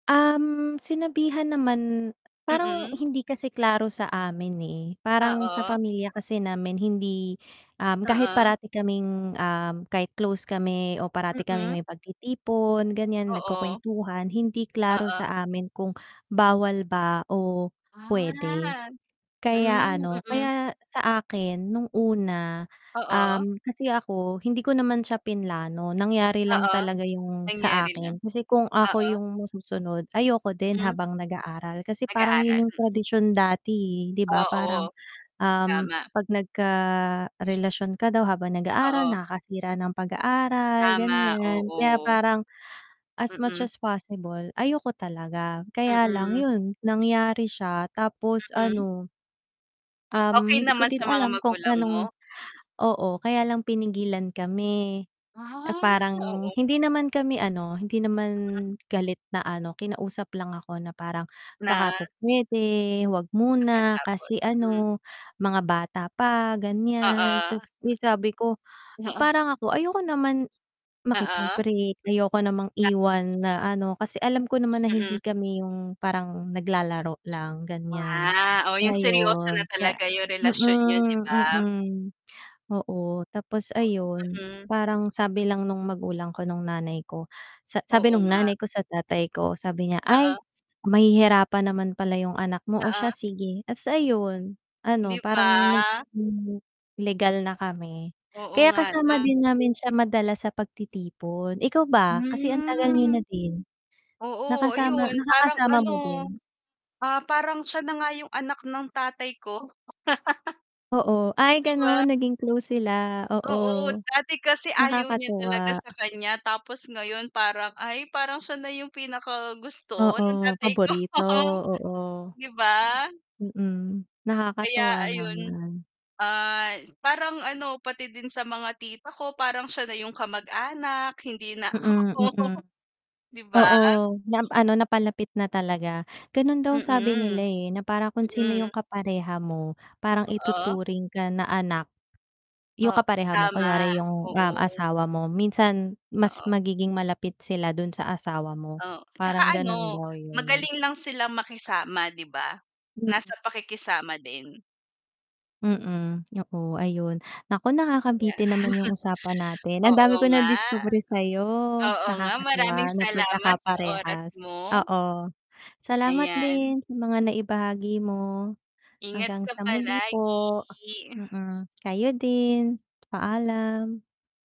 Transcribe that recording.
Um, sinabihan naman, parang Mm. hindi kasi klaro sa amin, eh, parang sa Oo. pamilya kasi namin hindi um, kahit Oo. parati kaming, um, kahit close kami o parati kaming Mm. may pagtitipon, ganyan Oo. nagkukuwentuhan, hindi klaro Oo. sa amin kung bawal ba o pwede. Ah. Hmm, Kaya, ano, mm. kaya sa akin nung una, Oo. um, kasi ako, hindi ko naman siya plinano, nangyari lang Oo, talaga yung sa nangyari lang. akin. Kasi kung ako Oo. yung masusunod, ayoko din Mm. habang nag-aaral, kasi parang Nag-aaral, yun yung mm. tradisyon dati, eh, di ba? Parang, Oo, um, tama. 'pag nagkarelasyon ka daw habang nag-aaral, Oo. nakakasira ng pag-aaral, Tama, ganyan. Kaya oo. parang, as much Mm. as possible, ayoko talaga. Kaya lang Mm. yun, nangyari siya tapos Mm. ano um, Okey hindi ko naman din sa mga alam kung magulang anong mo? oo, kaya lang pinigilan kami. Ah, Parang oo. hindi naman kami ano, hindi naman Mhm. galit na ano, kinausap lang ako na parang, "Baka Na po pwede, wag muna, Pagkatapos, kasi mm. ano, mga bata pa." ganyan. Oo, Ta's, eh, sabi ko, mm. Oo. parang ako ayoko naman, Oo. makipag-break, ayoko namang Tama. iwan na ano, kasi alam ko naman na hindi Mm. kami yung parang naglalaro lang, ganyan. Wa! oh, yung seryoso na Ngayon, kaya talaga yung relasyon niyo, di mm, ba? mm, oo, tapos ayun, Uy, mm. parang sabi lang nung magulang ko, nung nanay ko, sa sabi Oo, nung nga. nanay ko sa tatay ko, sabi niya, Oo. "Ay, mahihirapan naman pala yung anak mo. Oh, Oo. siya sige." at sa iyun, ano Di parang nag, ba? hmm, legal na kami. Oo, Kaya nga. kasama Tama. din namin siya madala sa pagtitipon. Ikaw ba, kasi ang tagal niyo Hmm. na din, Oo, nakasama ayun parang nakakasama ano, mo din? ah, parang siya na nga yung anak ng tatay ko. Oo, ay, Di ba? ganun naging close sila? Oo. Oo, dati kasi ayaw niya Nakakatuwa. talaga sa kanya, tapos ngayon parang, ay, parang siya na yung pinakagusto ng Oo, tatay ko. paborito, oo. Di ba? Mm, Kaya nakakatuwa ayun, naman. ah, parang ano, pati din sa mga tita ko, parang siya na yung kamag-anak, hindi na Mm, mm. ako. Di ba? Oo, na, um, ano napalapit na talaga. Ganun daw sabi Mm. nila na, eh, na parang kung sino yung Mm. kapareha mo, parang Oo. ituturing ka na anak. O Yung kapareha mo, tama, kunwari yung, um, oo. asawa mo, minsan mas Oo. magiging malapit sila dun sa asawa mo, Oh, tsaka parang ganun ano, daw yun. magaling lang silang makisama, di ba? Mm. Nasa pakikisama din. Mm, oo, ayun. Naku, Kaya, nakakabitin naman yung usapan natin, ang oo, dami ko nga. nadiskubre sayo. Oo, nga maraming Nakakatuwa na salamat sa oras pagkakaparehas, mo. oo. Salamat Ayan. din sa mga naibahagi mo. Ingat Hanggang ka sa muli palagi. po. Mm, kayo din, paalam.